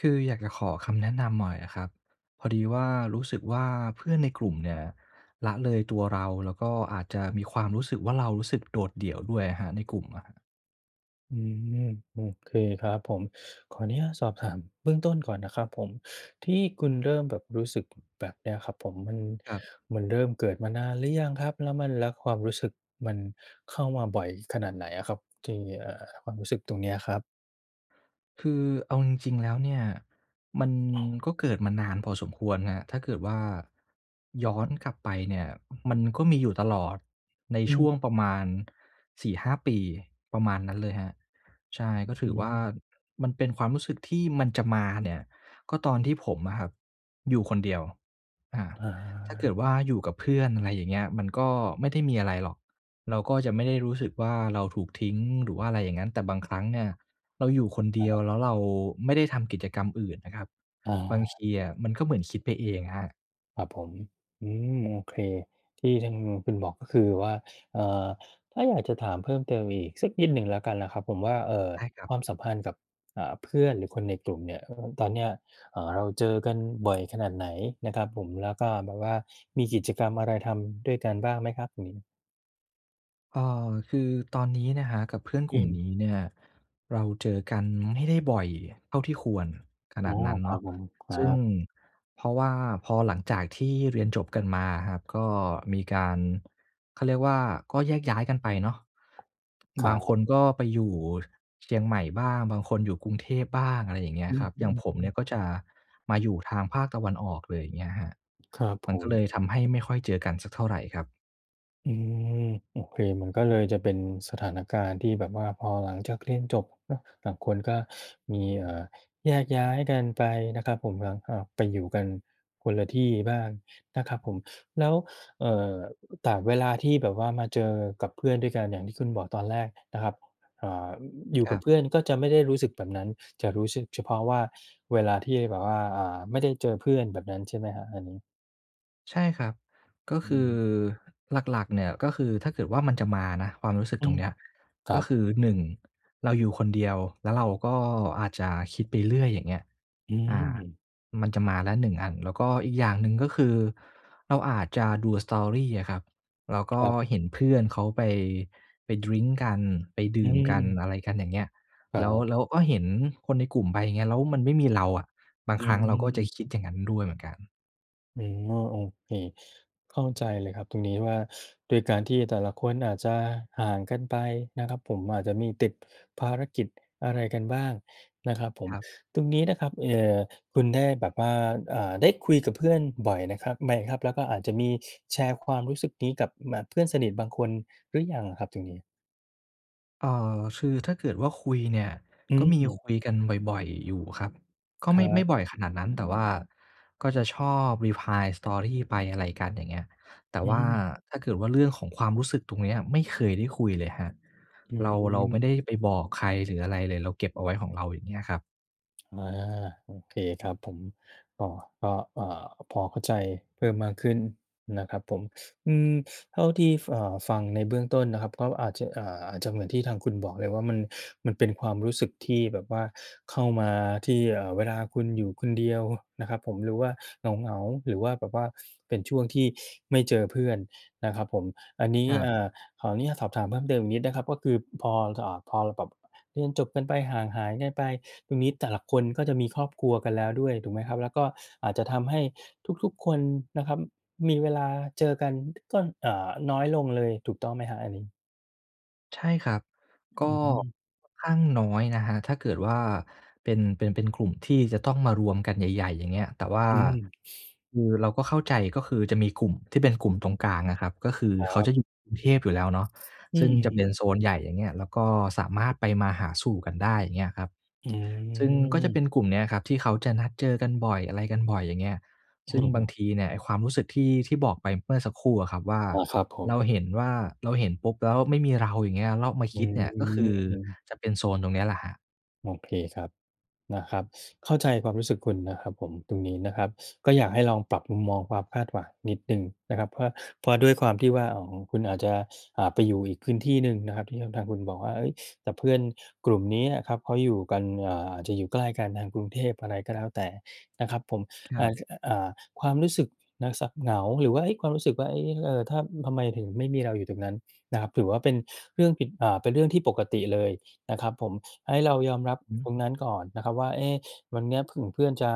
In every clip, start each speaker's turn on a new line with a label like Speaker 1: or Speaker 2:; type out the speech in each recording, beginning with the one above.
Speaker 1: คืออยากจะขอคำแนะนำหน่อยอะครับ พอดีว่า รู้สึกว่า เพื่อนในกลุ่มเนี่ยละเลยตัวเรา แล้วก็อาจจะมีความรู้สึกว่า เรารู้สึกโดดเดี่ยวด้วยอะครับในกลุ่มอะครับ
Speaker 2: อืม โอเคครับผม ขออนุญาตสอบถามเบื้องต้นก่อนนะครับผม ที่คุณเริ่มแบบ รู้สึกแบบเนี้ยครับผม มัน
Speaker 1: ครับ
Speaker 2: มันเริ่มเกิดมานานหรือยังครับ? แล้วมัน แล้วความรู้สึกมันเข้ามาบ่อยขนาดไหนอะครับ? ที่ เอ่อ ความรู้สึกตรงเนี้ยครับ
Speaker 1: คือเอาจริง ๆ แล้วเนี่ย มันก็เกิดมานานพอสมควรครับ ถ้าเกิดว่า ย้อนกลับไปเนี่ยมันก็มีอยู่ตลอดใน
Speaker 2: อื
Speaker 1: ช่
Speaker 2: ม
Speaker 1: วงประมาณ 4-5 ปี ประมาณนั้นเลยครับ ใช่ ก็ถ
Speaker 2: อ
Speaker 1: ื
Speaker 2: ื
Speaker 1: อว่า
Speaker 2: ม
Speaker 1: มันเป็นความรู้สึกที่ มันจะมาเนี่ยก็ตอนที่ผมอะครับอยู่คนเดียว อา
Speaker 2: อ
Speaker 1: ถ้าเกิดว่
Speaker 2: า
Speaker 1: าอยู่กับเพื่อน อะไรอย่างเงี้ย มันก็ไม่ได้มีอะไรหรอก เราก็จะไม่ได้รู้สึกว่าเราถูกทิ้ง หรือว่าอะไรอย่างงั้น แต่บางครั้งเนี่ยเราอยู่คนเดีย
Speaker 2: ค
Speaker 1: ว
Speaker 2: รับ
Speaker 1: แล้วเราไม่ได้ทำกิจกรรมอื่นนะครับ
Speaker 2: อา
Speaker 1: บางทีอะมันก็เหมือนคิดไปเองอะครับ
Speaker 2: ครับผม อืม โอเค ที่ซึ่ง คุณบอกก็คือว่า เอ่อ ถ้าอยากจะถามเพิ่มเติมอีกสักนิดหนึ่งแล้วกันนะครับผมว่า เอ่อ
Speaker 1: ใช่ครั
Speaker 2: ค
Speaker 1: บ
Speaker 2: วามสัมพันธ์กับ อ่า เพื่อนหรือคนในกลุ่มเนี่ยครับผม ตอนเนี้ย เอ่อ เราเจอกันบ่อยขนาดไหนนะครับผม แล้วก็แบบว่า มีกิจกรรมอะไรทำด้วยกันบ้างไหมครับตรงนี้?
Speaker 1: อ่า คือตอนนี้นะครับ กับเพื่อน
Speaker 2: อ
Speaker 1: กลุ่ม
Speaker 2: ืม
Speaker 1: นี้เนี่ย เราเจอกันไม่ได้บ่อยเท่าที่ควรข
Speaker 2: อ
Speaker 1: น
Speaker 2: ๋
Speaker 1: า
Speaker 2: อ
Speaker 1: ดนั้น
Speaker 2: ค
Speaker 1: เ
Speaker 2: ร
Speaker 1: น
Speaker 2: ั
Speaker 1: า
Speaker 2: บ
Speaker 1: ะ
Speaker 2: ผม คร
Speaker 1: ซ
Speaker 2: ั
Speaker 1: ึ่ง
Speaker 2: บ
Speaker 1: เพราะว่าพอหลังจากที่เรียนจบกันมาครับ ก็มีการ เขาเรียกว่าก็แยกย้ายกันไปเนาะ
Speaker 2: ค
Speaker 1: บ
Speaker 2: ร
Speaker 1: า
Speaker 2: ั
Speaker 1: งค
Speaker 2: บ
Speaker 1: นก็ไปอยู่เชียงใหม่บ้าง บางคนอยู่กรุงเทพบ้าง อะไรอย่างเงี้
Speaker 2: อ
Speaker 1: ย
Speaker 2: ื
Speaker 1: ครับ อย่างผมเน
Speaker 2: ม ๆ
Speaker 1: ี
Speaker 2: ๆ
Speaker 1: ่ยก็จะมาอยู่ทางภาคตะวันออกเลย อย่างเงี้ยครับ
Speaker 2: ครับ
Speaker 1: ม
Speaker 2: ผ
Speaker 1: ันก็เล
Speaker 2: ม
Speaker 1: ยทำให้ไม่ค่อยเจอกันสักเท่าไรครับ
Speaker 2: อืม โอเค มันก็เลยจะเป็นสถานการณ์ที่แบบว่า พอหลังจากเรียนจบเนาะ บางคนก็ มี เอ่อ แยกย้ายกันไปนะครับผม แล้วก็ไปอยู่กันคนละที่บ้างนะครับผม แล้ว เอ่อ แต่เวลาที่แบบว่ามาเจอกับเพื่อนด้วยกันเนี่ย อย่างที่คุณบอกตอนแรกนะครับ อ่า อยู่
Speaker 1: ค
Speaker 2: ก
Speaker 1: ร
Speaker 2: ั
Speaker 1: ั
Speaker 2: บ
Speaker 1: บ
Speaker 2: เพื่อนก็จะไม่ได้รู้สึกแบบนั้น จะรู้สึกเฉพาะว่า เวลาที่แบบว่า อ่า ไม่ได้เจอเพื่อน แบบนั้นใช่ไหมครับ อันนี้?
Speaker 1: ใช่ครับ ก็คือหลัก ๆ เนี่ย ก็คือ ถ้าเกิดว่ามันจะมานะ ความรู้สึก
Speaker 2: อื
Speaker 1: ตรง
Speaker 2: ม
Speaker 1: เนี้ย
Speaker 2: คร
Speaker 1: ก
Speaker 2: ั
Speaker 1: ็
Speaker 2: บ
Speaker 1: คือ 1 เราอยู่คนเดียว แล้วเราก็อาจจะคิดไปเรื่อย อย่างเงี้ย
Speaker 2: อื
Speaker 1: อา
Speaker 2: ม
Speaker 1: มันจะมาแล้ว 1 อัน แล้วก็อีกอย่างหนึ่ง ก็คือเราอาจจะดู Story อะครับ แล้วก
Speaker 2: ค
Speaker 1: ็
Speaker 2: รับ
Speaker 1: เห็นเพื่อนเขาไป ไปดริงก์กัน ไปด
Speaker 2: อ
Speaker 1: ื่มกัน
Speaker 2: ืม
Speaker 1: อะไรกันอย่างเงี้ย
Speaker 2: คร
Speaker 1: แ
Speaker 2: ั
Speaker 1: ล้ว
Speaker 2: บ
Speaker 1: แล้วก็เห็นคนในกลุ่มไป อย่างเงี้ย แล้วมันไม่มีเราอะ บาง
Speaker 2: อ
Speaker 1: ครั้งเราก็จะ
Speaker 2: ืม
Speaker 1: คิดอย่างนั้นด้วยเหมือนกัน
Speaker 2: อืม อ้อ โอเค เข้าใจเลยครับตรงนี้ว่า ด้วยการที่แต่ละคนอาจจะห่างกันไปนะครับผม อาจจะมีติดภารกิจอะไรกันบ้างนะครับผม
Speaker 1: ครับ
Speaker 2: ตรงนี้นะครับ เอ่อ คุณได้แบบว่า อ่า ได้คุยกับเพื่อนบ่อยนะครับ ไหมครับ แล้วก็อาจจะมีแชร์ความรู้สึกนี้กับ ม อ่า เพื่อนสนิทบางคนหรือยังครับตรงนี้?
Speaker 1: เอ่อ คือถ้าเกิดว่าคุยเนี่ย
Speaker 2: อื
Speaker 1: ก็มี
Speaker 2: อ
Speaker 1: คุยกันบ่อย ๆ อยู่ครับ ก็
Speaker 2: ค
Speaker 1: ไม
Speaker 2: ร
Speaker 1: ่
Speaker 2: ั
Speaker 1: ไม่
Speaker 2: บ
Speaker 1: บ่อยขนาดนั้น แต่ว่าก็จะชอบ reply Story ไป อะไรกันอย่างเงี้ย แต่
Speaker 2: อื
Speaker 1: ว่า
Speaker 2: ม
Speaker 1: ถ้าเกิดว่าเรื่องของความรู้สึกตรงเนี้ย ไม่เคยได้คุยเลยครับ
Speaker 2: อ
Speaker 1: เรา เราไม
Speaker 2: ืม
Speaker 1: ่ได้ไปบอกใครหรืออะไรเลย เราเก็บเอาไว้ของเรา อย่างเงี้ยครับ
Speaker 2: อา โอเคครับผม พอ พอ เอ่อ พอเข้าใจเพิ่มมากขึ้นนะครับผม อืม เท่าที่ เอ่อ ฟังในเบื้องต้นนะครับ ก็อาจจะ อ่า อาจจะเหมือนที่ทางคุณบอกเลยว่า มัน มันเป็นความรู้สึกที่แบบว่าเข้ามาที่ เอ่อ เวลาคุณอยู่คนเดียวนะครับผม หรือว่าเหงา ๆ หรือว่าแบบว่าเป็นช่วงที่ไม่เจอเพื่อนนะครับผม อันนี้
Speaker 1: ครับ
Speaker 2: อ่า ขออนุญาตสอบถามเพิ่มเติมอีกนิดนะครับ ก็คือพอ อ่า พอแบบ เรียนจบกันไปห่างหายกันไป ตรงนี้แต่ละคนก็จะมีครอบครัวกันแล้วด้วย ถูกไหมครับ แล้วก็อาจจะทำให้ทุก ๆ คนนะครับ มีเวลาเจอกัน ก็ อ่า น้อยลงเลย ถูกต้องไหมครับอันนี้?
Speaker 1: ใช่ครับ
Speaker 2: อ
Speaker 1: ก็
Speaker 2: ืม
Speaker 1: ค่อนข้างน้อยนะครับ ถ้าเกิดว่าเป็น เป็น เป็นกลุ่มที่จะต้องมารวมกันใหญ่ ๆ อย่างเงี้ย แต่ว่า
Speaker 2: อืม
Speaker 1: คือเราก็เข้าใจ ก็คือจะมีกลุ่มที่เป็นกลุ่มตรงกลางอะครับ ก็คือ
Speaker 2: คร
Speaker 1: เขา
Speaker 2: ั
Speaker 1: จ
Speaker 2: บ
Speaker 1: ะอยู่กรุงเทพอยู่แล้วเนาะ
Speaker 2: อื
Speaker 1: ซึ่งจะเ
Speaker 2: อ
Speaker 1: ป็นโซนใหญ่ อย่างเงี้ย แล้วก็สามารถไปมาหาสู่กันได้ อย่างเงี้ยครับ
Speaker 2: อื
Speaker 1: ซึ่งก็จะเ
Speaker 2: ม
Speaker 1: ป็นกลุ่มเนี้ยครับที่เขาจะนัดเจอกันบ่อย อะไรกันบ่อย อย่างเงี้ย ซึ่งบางทีเนี่ยไอ้ความรู้สึกที่ ที่บอกไปเมื่อสักครู่อะครับว่า
Speaker 2: อา ครับผ
Speaker 1: เรา
Speaker 2: ม
Speaker 1: เห็นว่า เราเห็นปุ๊บแล้วไม่มีเรา อย่างเงี้ย แล้วมา
Speaker 2: อ
Speaker 1: ค
Speaker 2: ื
Speaker 1: ิด
Speaker 2: ม
Speaker 1: เนี่ย ก็คือ
Speaker 2: อืม
Speaker 1: จะเป็นโซนตรงนี้แหละครับ
Speaker 2: โอเคครับ นะครับ เข้าใจความรู้สึกคุณนะครับผม ตรงนี้นะครับ ก็อยากให้ลองปรับมุมมองความคาดหวังนิดหนึ่งนะครับ เพราะว่า เพราะด้วยความที่ว่า อ่า คุณอาจจะ อ่า ไปอยู่อีกพื้นที่หนึ่งนะครับที่ทาง ทางคุณบอกว่า เฮ้ย แต่เพื่อนกลุ่มเนี้ยครับเขาอยู่กัน อ่า อาจจะอยู่ใกล้กันทางกรุงเทพ อะไรก็แล้วแต่นะครับผม
Speaker 1: คร
Speaker 2: อ
Speaker 1: ั
Speaker 2: ่า
Speaker 1: บ
Speaker 2: จ อะ อ่า ความรู้สึกนะ ส เหงา หรือว่า เฮ้ย ความรู้สึกว่า เอ๊ เอ่อ ถ้า ทำไมถึงไม่มีเราอยู่ตรงนั้นนะครับ ถือว่าเป็นเรื่องผิด อ่า เป็นเรื่องที่ปกติเลยนะครับผม ให้เรายอมรับ
Speaker 1: อือฮึ
Speaker 2: ตรงนั้นก่อนนะครับว่า เอ๊ วันเนี้ยผึ่งเพื่อนจะ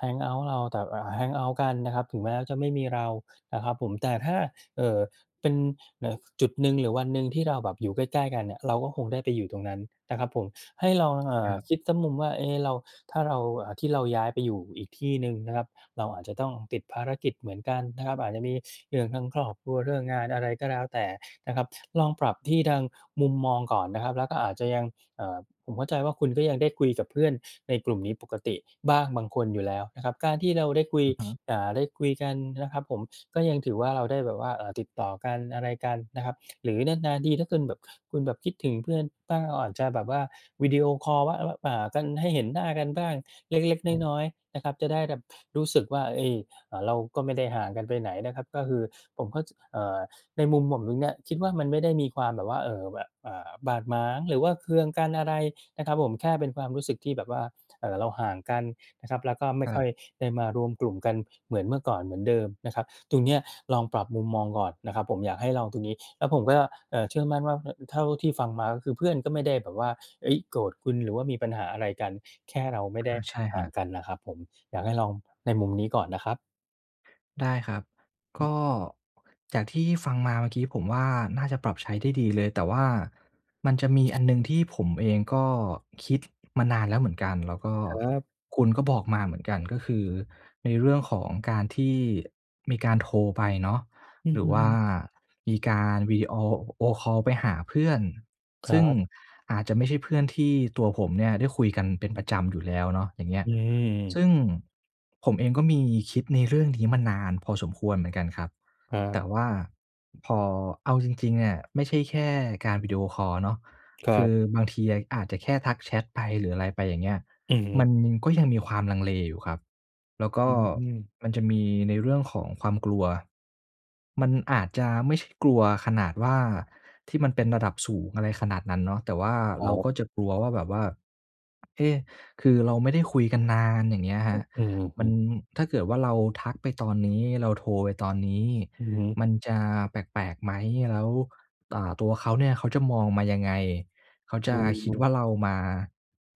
Speaker 2: แฮงเอาต์ เรา แต่แบบ อ่า แฮงเอาต์ กันนะครับ ถึงแม้จะไม่มีเรานะครับผม แต่ถ้า เอ่อ เป็น เอ่อ จุดหนึ่งหรือวันหนึ่งที่เราแบบอยู่ใกล้ ๆ กันเนี่ย เราก็คงได้ไปอยู่ตรงนั้นนะครับผม ให้ลอง เอ่
Speaker 1: ค
Speaker 2: อ
Speaker 1: รับ
Speaker 2: คิดสักมุมว่า เอ๊ เรา ถ้าเรา อ่า ที่เราย้ายไปอยู่อีกที่หนึ่งนะครับ เราอาจจะต้องติดภารกิจเหมือนกันนะครับ อาจจะมีเรื่องทางครอบครัว เรื่องงานอะไรก็แล้วแต่นะครับ ลองปรับที่ทางมุมมองก่อนนะครับ แล้วก็อาจจะยัง เอ่อ ผมเข้าใจว่า คุณก็ยังได้คุยกับเพื่อนในกลุ่มนี้ปกติบ้างบางคนอยู่แล้วนะครับ การที่เราได้คุย
Speaker 1: อือฮึ
Speaker 2: อ่า ได้คุยกันนะครับผม ก็ยังถือว่า เราได้แบบว่า อ่า ติดต่อกันอะไรกันนะครับ หรือนาน ๆ ที ถ้าคุณแบบ คุณแบบคิดถึงเพื่อนบ้าง เราอาจจะแบบว่าวิดีโอคอลว่า ว่า อ่า ให้เห็นหน้ากันบ้างเล็ก
Speaker 1: อ้อ
Speaker 2: ๆ น้อย ๆ นะครับ จะได้แบบรู้สึกว่า เฮ่ย เราก็ไม่ได้ห่างกันไปไหนนะครับ ก็คือผมเข้า จ เอ่อ ในมุมผมตรงเนี้ยคิดว่า มันไม่ได้มีความแบบว่า เอ่อ แบบ อ่า บาดหมาง หรือว่าเคืองกันอะไรนะครับผม แค่เป็นความรู้สึกที่แบบว่า เอ่อ เราห่างกันนะครับ แล้วก็ไม
Speaker 1: ค
Speaker 2: ่
Speaker 1: ร
Speaker 2: ค่
Speaker 1: ั
Speaker 2: อ
Speaker 1: บ
Speaker 2: ยได้มารวมกลุ่มกันเหมือนเมื่อก่อน เหมือนเดิมนะครับ ตรงเนี้ยลองปรับมุมมองก่อนนะครับ ผมอยากให้ลองตรงนี้ แล้วผมก็ เอ่อ เชื่อมั่นว่า เนี่ย เท่าที่ฟังมาก็คือ เพื่อนก็ไม่ได้แบบว่า เฮ้ย โกรธคุณ หรือว่ามีปัญหาอะไรกัน แค่เราไม่ไ
Speaker 1: อ
Speaker 2: ด
Speaker 1: า
Speaker 2: ้
Speaker 1: ใช่ค
Speaker 2: ห่
Speaker 1: ร
Speaker 2: า
Speaker 1: ั
Speaker 2: ง
Speaker 1: บ
Speaker 2: กันนะครับผม อยากให้ลองในมุมนี้ก่อนนะครับ
Speaker 1: ได้ครับ ก
Speaker 2: อือ
Speaker 1: ็ จากที่ฟังมาเมื่อกี้ผมว่า น่าจะปรับใช้ได้ดีเลย แต่ว่ามันจะมีอันหนึ่งที่ผมเองก็คิดมานานแล้วเหมือนกัน แล้วก็
Speaker 2: ครับ
Speaker 1: คุณก็บอกมาเหมือนกัน ก็คือในเรื่องของการที่มีการโทรไปเนาะ
Speaker 2: อื
Speaker 1: หรือว่า
Speaker 2: อ
Speaker 1: มีการวิดีโอคอล ไปหาเพื่อน
Speaker 2: ค
Speaker 1: ซ
Speaker 2: ร
Speaker 1: ึ
Speaker 2: ั
Speaker 1: ่ง
Speaker 2: บ
Speaker 1: อาจจะไม่ใช่เพื่อนที่ตัวผมเนี่ยได้คุยกันเป็นประจำอยู่แล้วเนาะ อย่างเงี้
Speaker 2: อ
Speaker 1: ย
Speaker 2: ื
Speaker 1: ซ
Speaker 2: ม
Speaker 1: ึ่งผมเองก็มีคิดในเรื่องนี้มานานพอสมควรเหมือนกันครับ
Speaker 2: ครั
Speaker 1: แต
Speaker 2: บ
Speaker 1: ่ว่าพอ เอาจริง ๆ เนี่ยไม่ใช่แค่การวิดีโอคอลเนาะ
Speaker 2: คร
Speaker 1: ค
Speaker 2: ั
Speaker 1: ื
Speaker 2: บ
Speaker 1: อบางทีอะอาจจะแค่ทักแชตไปหรืออะไรไปอย่างเงี้ย
Speaker 2: อือฮ
Speaker 1: มั
Speaker 2: ึ
Speaker 1: นก็ยังมีความลังเลอยู่ครับ แล้วก
Speaker 2: อ
Speaker 1: ็
Speaker 2: ืม
Speaker 1: มันจะมีในเรื่องของความกลัว มันอาจจะไม่ใช่กลัวขนาดว่า ที่มันเป็นระดับสูงอะไรขนาดนั้นเนาะ แต่ว่า
Speaker 2: ค
Speaker 1: เ
Speaker 2: ร
Speaker 1: ร
Speaker 2: ั
Speaker 1: า
Speaker 2: บ
Speaker 1: ก็จะกลัวว่า แบบว่า เอ๊ะ คือเราไม่ได้คุยกันนาน อย่างเงี้ย
Speaker 2: อ
Speaker 1: คร
Speaker 2: ื
Speaker 1: ับ
Speaker 2: อ
Speaker 1: ม
Speaker 2: อื
Speaker 1: ัน
Speaker 2: ม ๆ
Speaker 1: ถ้าเกิดว่าเราทักไปตอนนี้ เราโทรไปตอนนี้
Speaker 2: อือฮึ
Speaker 1: มันจะแปลก ๆ ไหม? แล้ว อ่า ตัวเขาเนี่ยเขาจะมองมายังไง? เขาจ
Speaker 2: อ
Speaker 1: ะคิด
Speaker 2: ืม
Speaker 1: ว่าเรามา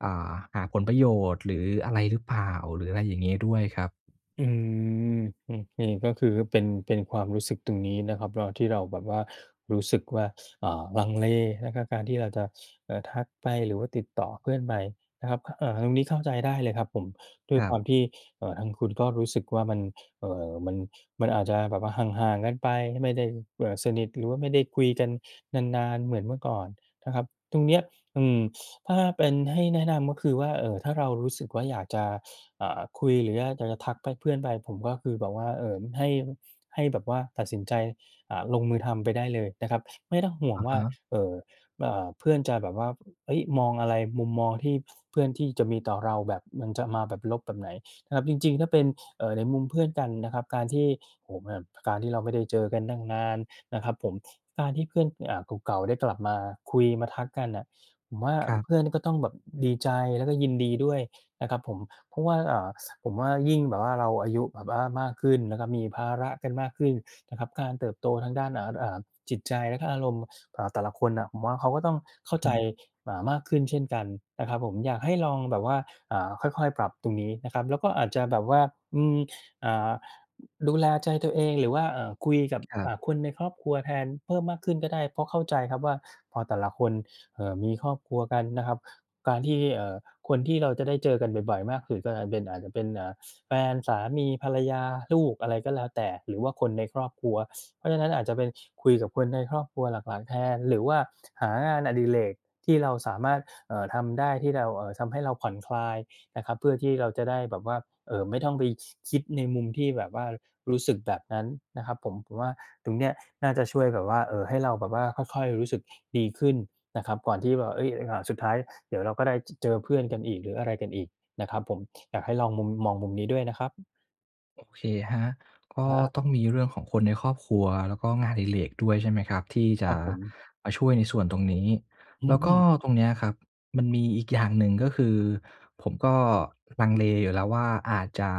Speaker 1: อ่า หาผลประโยชน์หรืออะไรหรือเปล่า? หรืออะไรอย่างงี้ด้วยครับ
Speaker 2: อืม อือ อย่างงี้ก็คือเป็น เป็นความรู้สึกตรงนี้นะครับ เวลาที่เราแบบว่ารู้สึกว่า อ่า ลังเล แล้วก็การที่เราจะ เอ่อ ทักไปหรือว่าติดต่อเพื่อนไปนะครับ เอ่อ ตรงนี้เข้าใจได้เลยครับผม ด้วย
Speaker 1: คร
Speaker 2: ค
Speaker 1: ั
Speaker 2: ว
Speaker 1: บ
Speaker 2: ามที่ เอ่อ ทางคุณก็รู้สึกว่า มัน เอ่อ มัน มันอาจจะแบบว่าห่าง ๆ กันไป ไม่ได้ เอ่อ สนิทหรือว่าไม่ได้คุยกันนาน ๆ เหมือนเมื่อก่อนนะครับ ตรงเนี้ย อืม ถ้าเป็น ให้แนะนำก็คือว่า เอ่อ ถ้าเรารู้สึกว่าอยากจะ อ่า คุยหรือว่าอยากจะทักไป เพื่อนไป ผมก็คือแบบว่า เอ่อ ให้ ให้แบบว่าตัดสินใจ อ่า ลงมือทำไปได้เลยนะครับ ไม่ต้องห่ว
Speaker 1: อ
Speaker 2: ง
Speaker 1: ะ
Speaker 2: ว่
Speaker 1: ฮ
Speaker 2: า
Speaker 1: ะ
Speaker 2: เอ่อ อ่า เพื่อนจะแบบว่า เฮ้ย มองอะไร มุมมองที่เพื่อน ที่จะมีต่อเราแบบมันจะมาแบบลบแบบไหน? ครับ จริง ๆ ถ้าเป็น เอ่อ ในมุมเพื่อนกันนะครับ การที่ โอ้โฮ แบบการที่เราไม่ได้เจอกันตั้งนานนะครับผม การที่เพื่อน อ่า เก่า ๆ ได้กลับมาคุยมาทักกันน่ะ ผมว่า
Speaker 1: ครับ
Speaker 2: เพื่อนก็ต้องแบบดีใจแล้วก็ยินดีด้วยนะครับผม เพราะว่า อ่า ส ผมว่ายิ่งแบบว่า เราอายุแบบว่ามากขึ้นนะครับ มีภาระกันมากขึ้นนะครับ การเติบโตทางด้าน อา อ่า จิตใจและก็อารมณ์ อ่า แต่ละคนน่ะ ผมว่าเขาก็ต้องเข้า
Speaker 1: อื
Speaker 2: ใ
Speaker 1: อ
Speaker 2: จ
Speaker 1: ฮึ
Speaker 2: เอ่อ มากขึ้นเช่นกันนะครับผม อยากให้ลองแบบว่า อ่า ค่อย ๆ ปรับตรงนี้นะครับ แล้วก็อาจจะแบบว่า อืม อ่า ดูแลใจตัวเองหรือว่า อ่า คุยกับ
Speaker 1: ครั
Speaker 2: อ
Speaker 1: บ
Speaker 2: ่า คนในครอบครัวแทนเพิ่มมากขึ้นก็ได้ เพราะเข้าใจครับว่า พอแต่ละคน เอ่อ มีครอบครัวกันนะครับ การที่ เอ่อ คนที่เราจะได้เจอกันบ่อย ๆ มากสุดก็อาจจะเป็น อาจจะเป็น อ่า แฟน สามี ภรรยา ลูก อะไรก็แล้วแต่ หรือว่าคนในครอบครัว เพราะฉะนั้นอาจจะเป็น คุยกับคนในครอบครัวหลัก ๆ แทน หรือว่าหางานอดิเรกที่เราสามารถ เอ่อ ทำได้ ที่เรา เอ่อ ทำให้เราผ่อนคลายนะครับ เพื่อที่เราจะได้แบบว่า เอ่อ ไม่ต้องไป ค คิดในมุมที่แบบว่ารู้สึกแบบนั้นนะครับผม ผมว่าตรงเนี้ยน่าจะช่วยแบบว่า เอ่อ ให้เราแบบว่าค่อย ๆ รู้สึกดีขึ้นนะครับ ก่อนที่แบบว่า เฮ้ย เราอาจ สุดท้ายเดี๋ยวเราก็ได้ จ เจอเพื่อนกันอีก หรืออะไรกันอีกนะครับผม อยากให้ลองมุม มองมุมนี้ด้วยนะครับ
Speaker 1: โอเคครับ ก็
Speaker 2: ครับ
Speaker 1: ต้องมีเรื่องของคนในครอบครัว แล้วก็งานอดิเรกด้วย ใช่ไหมครับ ที่จ
Speaker 2: คร
Speaker 1: ะ
Speaker 2: ับผม
Speaker 1: มาช่วยในส่วนตรงนี้
Speaker 2: อื
Speaker 1: แล้วก็
Speaker 2: ม
Speaker 1: ตรงเนี้ยครับมันมีอีกอย่างหนึ่ง ก็คือผมก็ลังเลอยู่แล้วว่าอาจจะ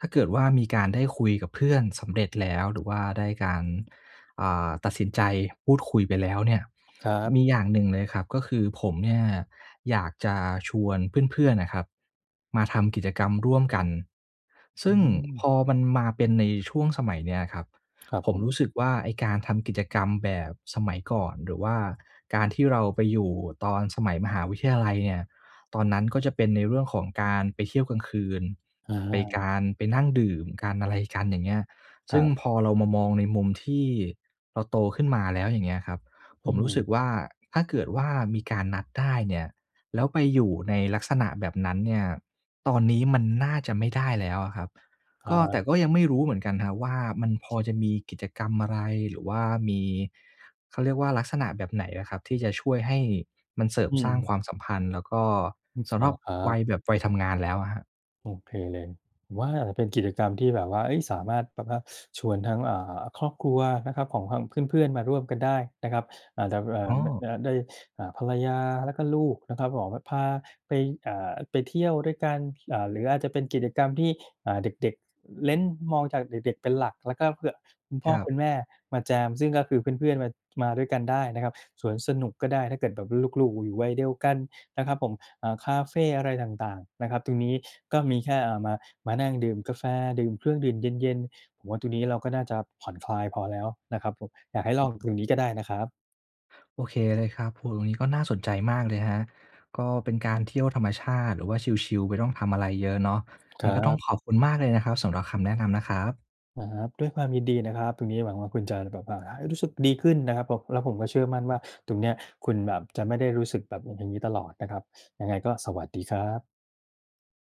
Speaker 1: ถ้าเกิดว่า มีการได้คุยกับเพื่อนสำเร็จแล้ว หรือว่าได้การ อ่า ตัดสินใจพูดคุยไปแล้วเนี่ย
Speaker 2: ครับ
Speaker 1: มีอย่างหนึ่งเลยครับ ก็คือผมเนี่ยอยากจะชวนเพื่อน ๆ น่ะครับ มาทำกิจกรรมร่วมกัน ซ
Speaker 2: อื
Speaker 1: ึ่งพ
Speaker 2: ม
Speaker 1: อมันมาเป็นในช่วงสมัยเนี้ยครับ
Speaker 2: ครับ
Speaker 1: ผ
Speaker 2: ผ
Speaker 1: มร
Speaker 2: ม
Speaker 1: ู้สึกว่า ไอ้การทำกิจกรรมแบบสมัยก่อน หรือว่าการที่เราไปอยู่ตอนสมัยมหาวิทยาลัยเนี่ย ตอนนั้นก็จะเป็นในเรื่องของการไปเที่ยวกลางคืน
Speaker 2: อ
Speaker 1: ไปก
Speaker 2: า
Speaker 1: าร ไปนั่งดื่มกัน อะไรกัน อย่างเงี้ย ซ
Speaker 2: ค
Speaker 1: ึ
Speaker 2: ร
Speaker 1: ่ง
Speaker 2: ับ
Speaker 1: พอเรามามองในมุมที่เราโตขึ้นมาแล้ว อย่างเงี้ยครับ ผ
Speaker 2: อื
Speaker 1: มรู้สึ
Speaker 2: ม
Speaker 1: กว่า ถ้าเกิดว่ามีการนัดได้เนี่ย แล้วไปอยู่ในลักษณะแบบนั้นเนี่ย ตอนนี้มันน่าจะไม่ได้แล้วอะครับ
Speaker 2: ค
Speaker 1: ก
Speaker 2: รั
Speaker 1: ็ แต
Speaker 2: บ
Speaker 1: ่ก็ยังไม่รู้เหมือนกันนะครับว่า มันพอจะมีกิจกรรมอะไร? หรือว่ามี เขาเรียกว่า ลักษณะแบบไหนอะครับ? ที่จะช่วยให้มันเสริม
Speaker 2: อื
Speaker 1: สร้าง
Speaker 2: ม
Speaker 1: ความสัมพันธ์ แล้วก็
Speaker 2: อือ
Speaker 1: สำ
Speaker 2: ม
Speaker 1: ห
Speaker 2: า
Speaker 1: รั
Speaker 2: แล
Speaker 1: บ
Speaker 2: ้วครั
Speaker 1: วั
Speaker 2: บ
Speaker 1: ยแบบ วัยทำงานแล้วอะครับ
Speaker 2: โอเคเลย ผมว่ามันเป็นกิจกรรมที่แบบว่า เฮ้ย สามารถแบบว่าชวนทั้ง อ่า ครอบครัวนะครับ ของทางเพื่อน ๆ มาร่วมกันได้นะครับ อ่า ด บ อ่
Speaker 1: อ
Speaker 2: า
Speaker 1: ๋
Speaker 2: นะ นะ
Speaker 1: อ
Speaker 2: ครับ ได้ อ่า ภรรยาแล้วก็ลูกนะครับ ขอแบบพาไป อ่า ไปเที่ยวด้วยกัน อ่า หรืออาจจะเป็นกิจกรรมที่ อ่า เด็ก ๆ เน้น มองจากเด็ก ๆ เป็นหลัก แล้วก็เผื่อคุณพ
Speaker 1: ค
Speaker 2: ่อ
Speaker 1: รับ
Speaker 2: คุณแม่มาแจม ซึ่งก็คือเพื่อน ๆ มา มาด้วยกันได้นะครับ สวนสนุกก็ได้ ถ้าเกิดแบบลูก ๆ อยู่วัยเดียวกันนะครับผม อ่า คาเฟอะไรต่าง ๆ นะครับ ตรงนี้ก็มีแค่ อ่า มา มานั่งดื่มกาแฟ ดื่มเครื่องดื่มเย็น ๆ ผมว่าตรงนี้เราก็น่าจะผ่อนคลายพอแล้วนะครับผม อยากให้
Speaker 1: อ
Speaker 2: ล
Speaker 1: ื
Speaker 2: อ
Speaker 1: อ
Speaker 2: ง
Speaker 1: ฮึ
Speaker 2: ตรงนี้ก็ได้นะครับ
Speaker 1: โอเคเลยครับ โอ้โฮ ตรงนี้ก็น่าสนใจมากเลยนะครับ ก็เป็นการเที่ยวธรรมชาติ หรือว่าชิล ๆ ไม่ต้องทำอะไรเยอะเนาะ ไ
Speaker 2: ค
Speaker 1: ง
Speaker 2: ร
Speaker 1: ก็ต้อง
Speaker 2: ับ
Speaker 1: ขอบคุณมากเลยนะครับ สำหรับคำแนะนำนะครับ
Speaker 2: อา ครับ ด้วยความยินดีนะครับ ตรงนี้หวังว่าคุณจะแบบว่า อา รู้สึกดีขึ้นนะครับผม แล้วผมก็เชื่อมั่นว่า ตรงเนี้ยคุณแบบจะไม่ได้รู้สึกแบบ อือ อย่างงี้ตลอดนะครับ ยังไงก็สวัสดีครับ